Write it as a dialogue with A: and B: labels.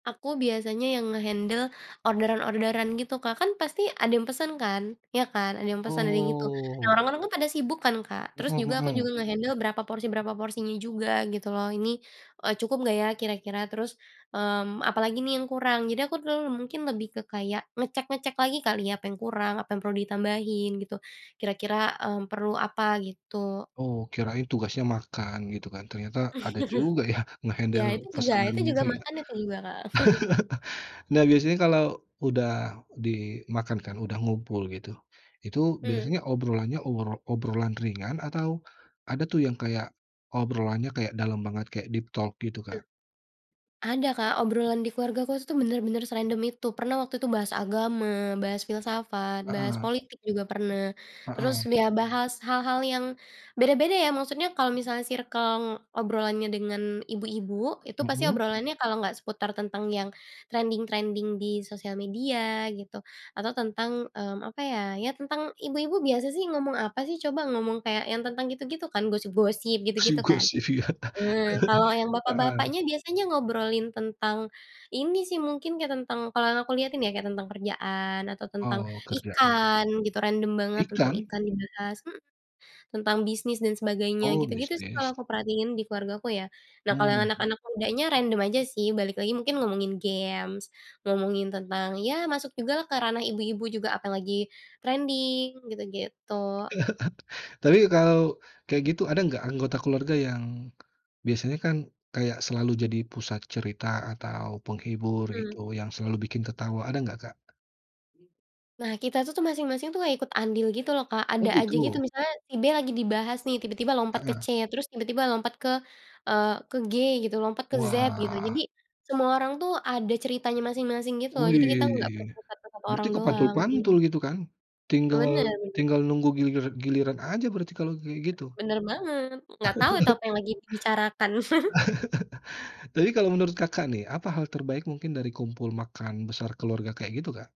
A: Aku biasanya yang nge-handle orderan-orderan gitu Kak kan pasti ada yang pesen kan iya kan ada yang pesen ada yang itu nah
B: Oh.
A: orang-orang kan pada sibuk kan Kak terus
B: Mhm
A: juga aku juga
B: mhm.
A: nge-handle berapa porsi berapa porsinya juga gitu loh ini, eee, cukup gak ya kira-kira? Terus, mmm, apalagi nih yang kurang jadi aku terlalu mungkin lebih ke kayak ngecek-ngecek lagi kali ya apa yang kurang apa yang perlu ditambahin gitu, kira-kira, mmm, perlu apa gitu.
B: Oh kirain tugasnya makan gitu kan ternyata ada juga ya
A: Ya
B: nge-handle
A: itu juga itu
B: pesanannya
A: juga
B: itu ya,
A: makanan tadi juga, Kak.
B: nah biasanya kalau udah dimakan kan udah ngumpul gitu, itu
A: Mhm.
B: biasanya obrolannya obrol obrolan ringan atau ada tuh yang kayak, obrolannya kayak dalam banget kayak deep talk gitu, Kak?
A: Ada Kak obrolan di keluarga aku tuh bener-bener serandom itu pernah waktu itu bahas agama, bahas filsafat, bahas
B: Heeh.
A: politik juga pernah,
B: Heeh.
A: terus ya bahas hal-hal yang, beda-beda ya maksudnya kalau misalnya circle obrolannya dengan ibu-ibu itu pasti
B: Mhm.
A: obrolannya kalau nggak seputar tentang yang, trending-trending di sosial media gitu, atau tentang, mmm, apa ya ya tentang ibu-ibu biasa sih ngomong apa sih coba ngomong kayak yang tentang gitu-gitu kan gosip-gosip gitu-gitu kan,
B: Gosip-gosip ya,
A: nah kalau yang
B: heeh.
A: bapak-bapaknya biasanya ngobrolin tentang, ini sih mungkin kayak tentang kalau yang aku lihatin ya kayak tentang kerjaan atau tentang,
B: Oh kerja ya.
A: ikan gitu random banget tentang
B: Ikan?
A: ikan dibahas, mhm, tentang bisnis dan sebagainya
B: Oh
A: gitu-gitu sih
B: bisnis.
A: kalau aku perhatiin di keluargaku ya, nah kalau yang
B: Mmm.
A: anak-anak mudanya random aja sih balik lagi mungkin ngomongin games, ngomongin tentang ya masuk jugalah ke ranah ibu-ibu juga apa yang lagi trending gitu-gitu.
B: Tapi kalau kayak gitu ada nggak anggota keluarga yang, biasanya kan kayak selalu jadi pusat cerita atau penghibur
A: Mmm.
B: gitu yang selalu bikin ketawa ada nggak, Kak?
A: Nah kita itu tuh masing-masing tuh ikut andil gitu loh Kak
B: Oh
A: ada aja gitu
B: gitu.
A: misalnya si B lagi dibahas nih tiba-tiba lompat ke
B: Heeh.
A: C terus tiba-tiba lompat ke, eee, ke G gitu lompat ke Z gitu jadi,
B: Wah.
A: semua orang tuh ada ceritanya masing-masing gitu loh jadi kita nggak fokus
B: Wih,
A: terpusat ke 1
B: berarti
A: orang doang iya.
B: kepantul-pantul gitu kan,
A: Eee,
B: tinggal
A: bener.
B: tinggal nunggu gilir giliran aja berarti kalau kayak gitu.
A: Bener banget gak tau itu apa yang lagi dibicarakan.
B: Jadi kalau menurut Kakak nih apa hal terbaik mungkin dari kumpul makan besar keluarga kayak gitu, Kak?